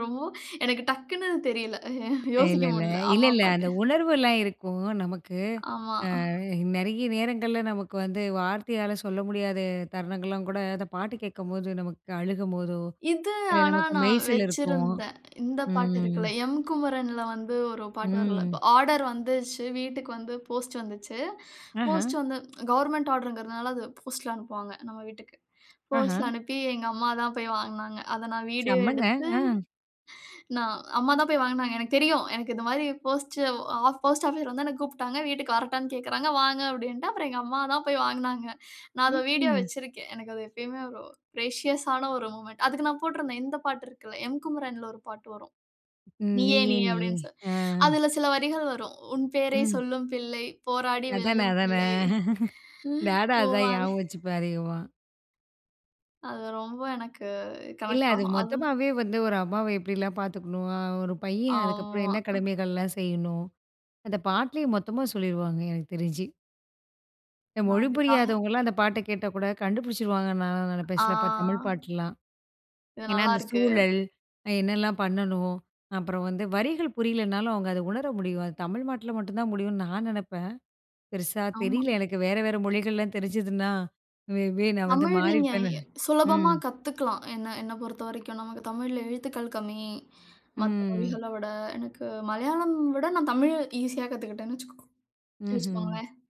ரொம் எனக்கு டக்குனு தெரியல. அ யோசிக்க இல்லல்ல. முடியல. அம்மா இல்லல்ல அந்த அப்பாட்ட. உணர்வெல்லாம் இருக்கும் நமக்கு. ஆமா. அ நிறைய நேரங்கள்ல நமக்கு வந்து வார்த்தையால சொல்ல முடியாத தருணங்கள்லாம் கூட, அந்த பாட்டு கேட்கும்போது நமக்கு அழுகும்போதோ! இது இல்ல ஆனா நமக்கு நான் மெய்சிலிர்க்கும். வச்சிருந்தேன். இந்த பாட்டு ம். இருக்கள்ல. எம் குமரன் ல வந்து ஒரு பாட்டு வரும்ல. இப்ப ம். ஆர்டர் வந்துருச்சு. வீட்டுக்கு வந்து போஸ்ட் வந்துச்சு. ஆஹா! போஸ்ட் வந்த கவர்ன்மென்ட் ஆர்டர்ங்கிறதுனால அது போஸ்ட்ல அனுப்புவாங்க. நம்ம வீட்டுக்கு ஆஹா! போஸ்ட்ல அனுப்பி எங்க அம்மா தான் போய் வாங்குனாங்க. அத நான் வீடியோ செம்மங்க. எடுத்து ஆ. நான் அம்மா தான் போய் வாங்குனாங்க. எனக்குத் தெரியும். எனக்கு இந்தமாரி போஸ்ட் போஸ்ட் ஆபீஸ்ல வந்து என்ன கூப்டாங்க. வீட்டுக்கு வரட்டான்னு கேக்குறாங்க. வாங்க அப்டின்னே. அப்புறம் எங்க அம்மா தான் போய் வாங்குனாங்க. நான் அத வீடியோ ம்ஹ்ம். வச்சிருக்கேன். எனக்கு அது எப்பயுமே ஒரு ப்ரேஷியஸ் ஆன ஒரு மொமென்ட் அதுக்கு நான் போட்டிருந்தேன் இந்த பாட்டு இருக்குல்ல, எம் குமரன் ல ஒரு பாட்டு வரும். ம். நீயே! நீயே! நீயே! நீயே! அப்பிடின்னு சொல்லி, ஆ. அதில சில வரிகள் வரும். உன் பேரைச் ம். சொல்லும் பிள்ளை, போராடி அதானே! வெல்லும் அதானே! பிள்ளை ம் நானும் அதான் ஞாபகம் [unintelligible] வச்சுப்பேன் அதிகமா அது ரொம்ப எனக்கு இல்ல. கனெக்ட் அது ஆகும். அது மொத்தமாவே வந்து ஒரு அம்மாவ எப்பிடிலாம் பார்த்துக்கணும்? ஒரு பையன் அதுக்கப்புறம் ஆமா. என்ன கடமைகள்லாம் செய்யணும்? அந்த பாட்டுலே மொத்தமா சொல்லிருவாங்க எனக்கு தெரிஞ்சு. இந்த நான் மொழி அதுக்காக புரியாதவங்கலாம் அந்த பாட்ட கேட்டா கூட கண்டுபிடிச்சுடுவாங்க நான்லாம் நினைப்பேன். ஆ. சிலப்ப தமிழ் பாட்டுலாம். இது ஏன்னா அந்த நல்லாருக்கு. சூழல். என்னலாம் பண்ணணும்? அப்புறம் வந்து வரிகள் புரியலனாலும், அவுங்க அத உணர முடியும். அது தமிழ்நாட்டுல மட்டும் தான் முடியும்னு நான் நினைப்பேன். பெருசா ஆமா. தெரியல எனக்கு. வேற வேற மொழிகள்லாம் தெரிஞ்சிதுன்னா, மே பி நான் வந்து தமிழ் நீங்க மாறியிருப்பேன்னு எ நினை சுலபமா ம். கத்தக்கலாம். என்ன, என்னப் பொறுத்தவரைக்கும் நமக்கு தமிழ்ல எழுத்துக்கள் கம்மி. மத்த ம். மொழிகள விட. எனக்கு மலையாளம் விட நான் தமிழ் ஈசியா கத்துக்கிட்டேன்னு வச்சிக்கோங்க ம்ஹ்ம். வச்சிக்கோங்களேன்.